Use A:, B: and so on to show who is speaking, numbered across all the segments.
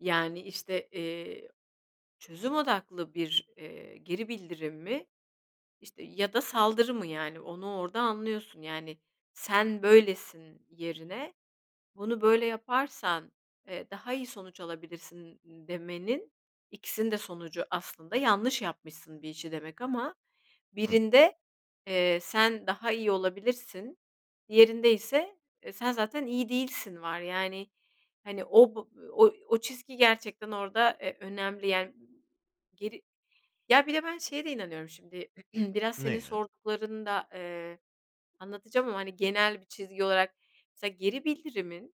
A: Yani, işte, iii, çözüm odaklı bir, eee, geri bildirim mi, işte, ya da saldırı mı, yani onu orada anlıyorsun. Yani, "Sen böylesin." yerine "Bunu böyle yaparsan, eee, daha iyi sonuç alabilirsin." demenin, ikisinin de sonucu aslında "Bir işi yanlış yapmışsın." demek ama
B: Hımm.
A: birinde, eee, "Sen daha iyi olabilirsin.", diğerinde ise "E, sen zaten iyi değilsin." var. Yani, hani, b o çizgi gerçekten orada, e, önemli yani. M geri Ya bir de ben şeye de inanıyorum. Şimdi biraz senin
B: Neye?
A: sorduklarını da, eee, anlatacağım ama, hani, genel bir çizgi olarak mesela geri bildirimin,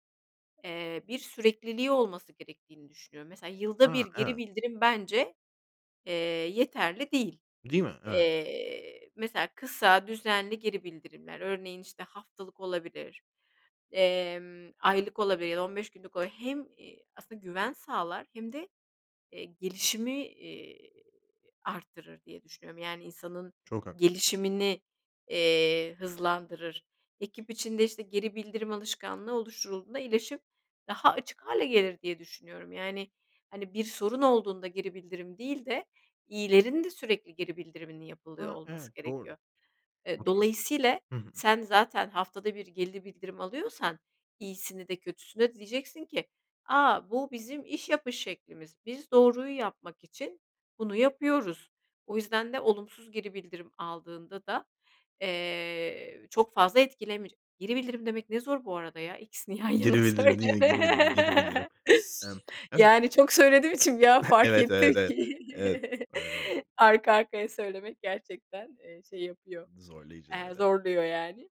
A: eee, bir sürekliliği olması gerektiğini düşünüyorum. Mesela, yılda
B: Ha,
A: 1 geri
B: evet.
A: bildirim bence, eee, yeterli değil.
B: Değil mi? Evet.
A: Eee, mesela kısa, düzenli geri bildirimler, örneğin, işte, haftalık olabilir, emm, aylık olabilir ya da 15 günlük olabilir. Hem, iii, aslında güven sağlar hem de, eee, gelişimi, iii, arttırır diye düşünüyorum. Yani, insanın
B: Çok haklısın.
A: gelişimini, eee, hızlandırır. Ekip içinde, işte, geri bildirim alışkanlığı oluşturulduğunda iyileşip daha açık hâle gelir diye düşünüyorum. Yani, hani, bir sorun olduğunda geri bildirim değil de iyilerin de sürekli geri bildiriminin yapılıyor
B: A, evet
A: olması
B: doğru.
A: gerekiyor.
B: O
A: E,
B: tarafta
A: dolayısıyla
B: Hı hı.
A: sen zaten haftada 1 geri bildirim alıyorsan, iyisini de kötüsünü de diyeceksin ki, "A, bu bizim iş yapış şeklimiz. Biz doğruyu yapmak için bunu yapıyoruz." O yüzden de olumsuz geri bildirim aldığında da, eee, çok fazla etkilemeyecek. Geri bildirim demek ne zor bu arada, ya. İkisini yan
B: Geri
A: yana
B: bildirim, değil mi? Geri bildirim, geri bildirim.
A: söyleme
B: Emm, evet.
A: Yani, çok söylediğim için bir an fark
B: Evet,
A: ettim
B: evet, evet,
A: ki
B: evet. Emm
A: arka arkaya söylemek gerçekten, eee, şey yapıyor,
B: Zorlayıcı,
A: eee,
B: evet, eve
A: zorluyor, yani.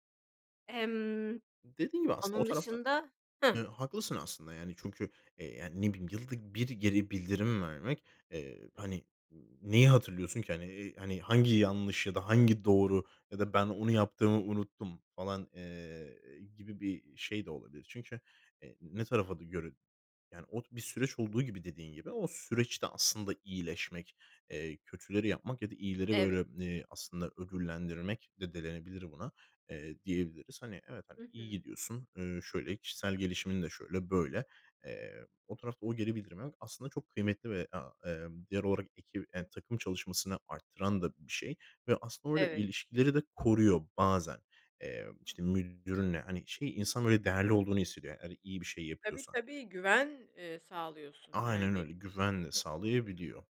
A: Emm,
B: Dediğin gibi aslında o
A: onun
B: tarafta
A: dışında
B: Eee,
A: Hı.
B: haklısın aslında, yani, çünkü, eee, yani, ne bileyim, yılda 1 geri bildirim vermek, eee, hani neyi hatırlıyorsun ki? Hani, eee, hangi yanlış ya da hangi doğru ya da "Ben onu yaptığımı unuttum." falan, eee, gibi bir şey de olabilir. Çünkü, eee, ne tarafa d göre, yani, o bir süreç olduğu gibi, dediğin gibi, o süreçte aslında iyileşmek, eee, kötüleri yapmak ya da iyileri
A: Evet.
B: böyle, eee, aslında ödüllendirmek de denilebilir buna, eee, diyebiliriz. Hani, evet, hani,
A: Hı
B: iyi
A: hı.
B: gidiyorsun, ııı, şöyle, kişisel gelişimin de şöyle, böyle. Eee, o tarafta o geri bildirimi almak aslında çok kıymetli ve, aaa, emm, diğer o ekip, emm, takım çalışmasını arttıran da bir şey. Ve aslında orada
A: Evet.
B: ilişkileri de koruyor bazen. Eee, işte, müdürünle hani, şey, insan böyle değerli olduğunu hissediyor. Hani, iyi bir şey
A: Tabii,
B: yapıyorsa.
A: tabii. Güven, eee, sağlıyorsun,
B: Aynen
A: yani.
B: öyle, güvenle sağlayabiliyor.